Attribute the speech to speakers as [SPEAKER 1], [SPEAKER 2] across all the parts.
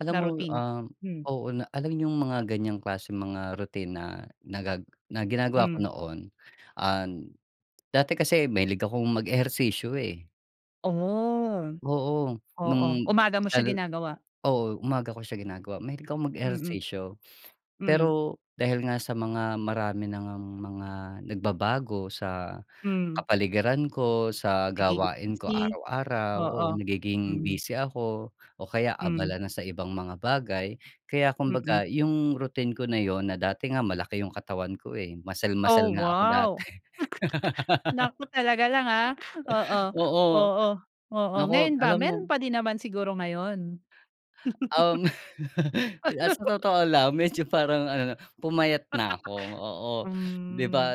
[SPEAKER 1] Alam
[SPEAKER 2] Na
[SPEAKER 1] mo,
[SPEAKER 2] routine.
[SPEAKER 1] um,
[SPEAKER 2] Hmm.
[SPEAKER 1] oo, na alam yung mga ganyang klaseng mga rutina nagag na ginagawa ko
[SPEAKER 2] Mm.
[SPEAKER 1] noon, an dati kasi mahilig akong mag ehersisyo, eh.
[SPEAKER 2] Oh,
[SPEAKER 1] Oo,
[SPEAKER 2] oo.
[SPEAKER 1] nung
[SPEAKER 2] Umaga mo siya
[SPEAKER 1] lalo
[SPEAKER 2] ginagawa?
[SPEAKER 1] oo, umaga ko siya ginagawa, mahilig ako
[SPEAKER 2] Mm.
[SPEAKER 1] mag-ehersisyo.
[SPEAKER 2] Mm.
[SPEAKER 1] Pero dahil nga sa mga marami na ngang mga nagbabago sa
[SPEAKER 2] Mm.
[SPEAKER 1] kapaligiran ko, sa
[SPEAKER 2] Naging
[SPEAKER 1] gawain ko
[SPEAKER 2] busy.
[SPEAKER 1] araw-araw, oo,
[SPEAKER 2] Oo,
[SPEAKER 1] nagiging
[SPEAKER 2] mhm.
[SPEAKER 1] busy ako o kaya
[SPEAKER 2] Mm.
[SPEAKER 1] abala na sa ibang mga bagay. Kaya
[SPEAKER 2] Mm.
[SPEAKER 1] kumbaga yung routine ko na 'yon na dati nga malaki yung katawan ko, eh, muscle muscle
[SPEAKER 2] Oh
[SPEAKER 1] nga ako
[SPEAKER 2] wow!
[SPEAKER 1] dati.
[SPEAKER 2] Naku talaga lang, ah. Oo,
[SPEAKER 1] Oo,
[SPEAKER 2] oo, oo,
[SPEAKER 1] naku
[SPEAKER 2] ngayon ba,
[SPEAKER 1] alam mo
[SPEAKER 2] meron pa din naman siguro ngayon?
[SPEAKER 1] Um, Pi ah, sa totoo lang medyo parang ano 'no, pumayat na ako, oo. 'Di
[SPEAKER 2] Hmm.
[SPEAKER 1] ba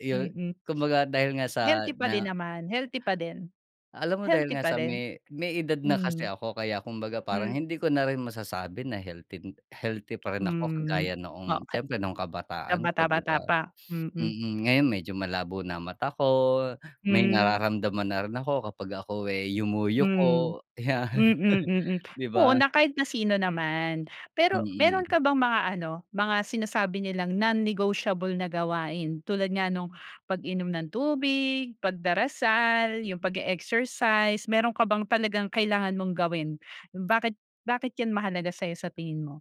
[SPEAKER 1] yu
[SPEAKER 2] Mm.
[SPEAKER 1] kumbaga dahil nga
[SPEAKER 2] Healthy
[SPEAKER 1] sa
[SPEAKER 2] pa din
[SPEAKER 1] na
[SPEAKER 2] naman. Healthy pa din.
[SPEAKER 1] Alam mo dahil
[SPEAKER 2] Healthy
[SPEAKER 1] nga
[SPEAKER 2] pa
[SPEAKER 1] sa
[SPEAKER 2] din.
[SPEAKER 1] may may edad na kasi
[SPEAKER 2] Mm.
[SPEAKER 1] ako, kaya kumbaga parang
[SPEAKER 2] Hmm.
[SPEAKER 1] hindi ko na rin masasabi na healthy healthy pa rin ako
[SPEAKER 2] Mm.
[SPEAKER 1] kagaya noong
[SPEAKER 2] Okey.
[SPEAKER 1] siyempre no'ng kabataan ko, 'di
[SPEAKER 2] Kabata-bata
[SPEAKER 1] ba.
[SPEAKER 2] pa, mm.
[SPEAKER 1] Mm, ngayon medyo malabo na mata ko, may
[SPEAKER 2] Hmm.
[SPEAKER 1] nararamdaman na rin ako kapag ako, eh,
[SPEAKER 2] Mm,
[SPEAKER 1] yumuyuko, 'yan,
[SPEAKER 2] mm, mm.
[SPEAKER 1] 'di
[SPEAKER 2] Oo
[SPEAKER 1] ba?
[SPEAKER 2] na kahit na sino naman. Pero meron
[SPEAKER 1] Mm.
[SPEAKER 2] ka bang mga ano, mga sinasabi nilang non-negotiable na gawain? Tulad nga nung pag-inom ng tubig, pagdarasal, yung pag-e-exercise, meron ka bang talagang kailangan mong gawin? Bakit bakit yan mahalaga sa 'yo sa tingin mo?